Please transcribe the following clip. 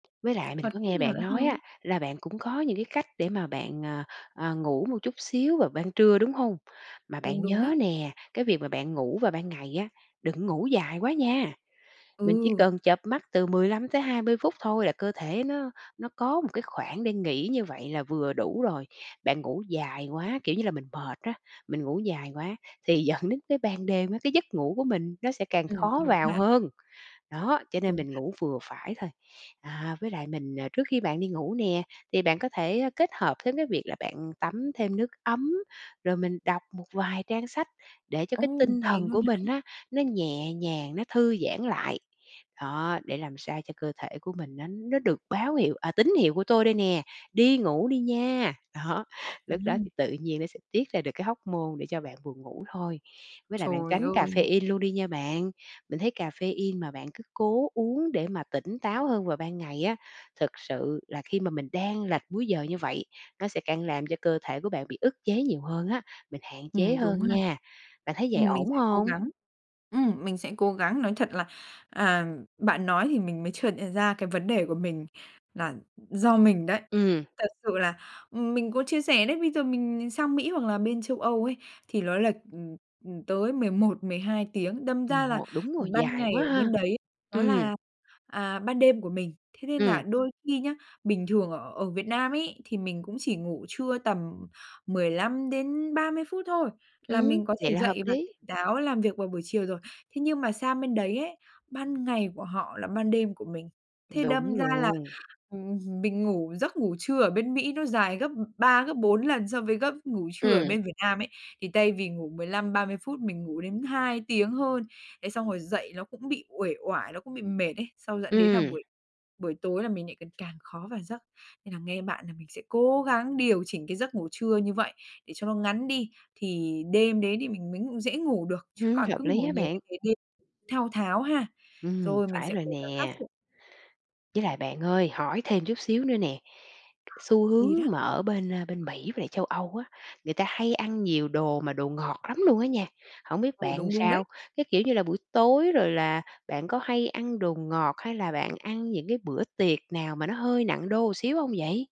Với lại mình Còn có cách nghe nào bạn nữa nói không? á, là bạn cũng có những cái cách để mà bạn, ờ, ờ, ngủ một chút xíu vào ban trưa, đúng hông? Mà Đúng bạn đúng nhớ đó. nè, cái việc mà bạn ngủ vào ban ngày á, đừng có ngủ dài quá nha, mình chỉ Ừ. cần chợp mắt từ 15 tới 20 phút thôi là cơ thể nó nó có một cái khoảng để nghỉ như vậy là vừa đủ rồi. Bạn ngủ dài quá, kiểu như là, mình mệt á, mình ngủ dài quá thì dẫn đến cái ban đêm á cái giấc ngủ của mình nó sẽ càng Ừm, khó đúng vào ha. hơn, đó, cho nên Đúng mình ha. ngủ vừa phải thôi. À, với lại mình, à, trước khi bạn đi ngủ nè thì bạn có thể kết hợp với cái việc là bạn tắm thêm nước ấm, rồi mình đọc một vài trang sách để cho cái Ồ, tinh vậy thần luôn của hả? mình á nó nhẹ nhàng, nó thư giãn lại. Đó, để làm sao cho cơ thể của mình nó nó được báo hiệu, à, "Tín hiệu của tôi đây nè, đi ngủ đi nha!" Đó, lúc đó Ừm. thì tự nhiên nó sẽ tiết ra được cái hormone để cho bạn buồn ngủ thôi. Với lại bạn Trời tránh ơi! caffeine luôn đi nha bạn, mình thấy caffeine mà bạn cứ cố uống để mà tỉnh táo hơn vào ban ngày á, thực sự là khi mà mình đang lệch múi giờ như vậy, nó sẽ càng làm cho cơ thể của bạn bị ức chế nhiều hơn á, mình hạn chế Ừm, đúng hơn ha, nha. Bạn thấy vậy ừm, mình ổn sẽ cố hông? gắng, ừm, mình sẽ cố gắng. Nói thật là, à, bạn nói thì mình mới chợt nhận ra cái vấn đề của mình là do mình đấy. Ừm. Thật sự là, ừm, mình có chia sẻ đấy, bây giờ mình mình sang Mỹ hoặc là bên Châu Âu ấy, thì nó là, ừm, ừm, tới 11-12 tiếng, đâm ra là [unintelligible] đúng rồi, ban dài ngày quá ở ha, bên đấy, nó ừm. là, à, ban đêm của mình. Thế nên Ừm. là đôi khi nhá, bình thường ở ở Việt Nam ấy, thì mình cũng chỉ ngủ trưa tầm 15 đến 30 phút thôi là Ừm, mình có vậy thể là hợp dậy và lý. tỉnh táo làm việc vào buổi chiều rồi. Thế nhưng mà sang bên đấy ấy, ban ngày của họ là ban đêm của mình, thế Đúng đâm ra là, luôn. ừm, mình ngủ giấc ngủ trưa ở bên Mỹ nó dài gấp 3 gấp 4 lần so với gấp ngủ trưa ở Ừm. bên Việt Nam ấy, thì thay vì ngủ 15-30 phút mình ngủ đến 2 tiếng hơn. Đấy xong rồi dậy nó cũng bị uể oải, nó cũng bị mệt ấy, xong dẫn đến là Ừm. buổi buổi tối là mình lại cần càng khó vào giấc. Nên là nghe bạn là mình sẽ cố gắng điều chỉnh cái giấc ngủ trưa như vậy, để cho nó ngắn đi, thì đêm đấy thì mình mới ngủ dễ ngủ được, chứ Ưm, còn cứ hợp lý ngủ á nhiều như bạn. thế nên thao tháo ha, Ừm, rồi mình phải sẽ rồi cố gắng khắc nè. phục. Với lại bạn ơi hỏi thêm chút xíu nữa nè, xu hướng Thì đó. mà ở bên, ơ, bên Mỹ về châu Âu á, người ta hay ăn nhiều đồ mà đồ ngọt lắm luôn á nha hổng biết Ừ, bạn đúng, đúng đấy. sao? Cái, kiểu như là, buổi tối rồi là bạn có hay ăn đồ ngọt hay là bạn ăn những cái bữa tiệc nào mà nó hơi nặng đô một xíu hông vậy?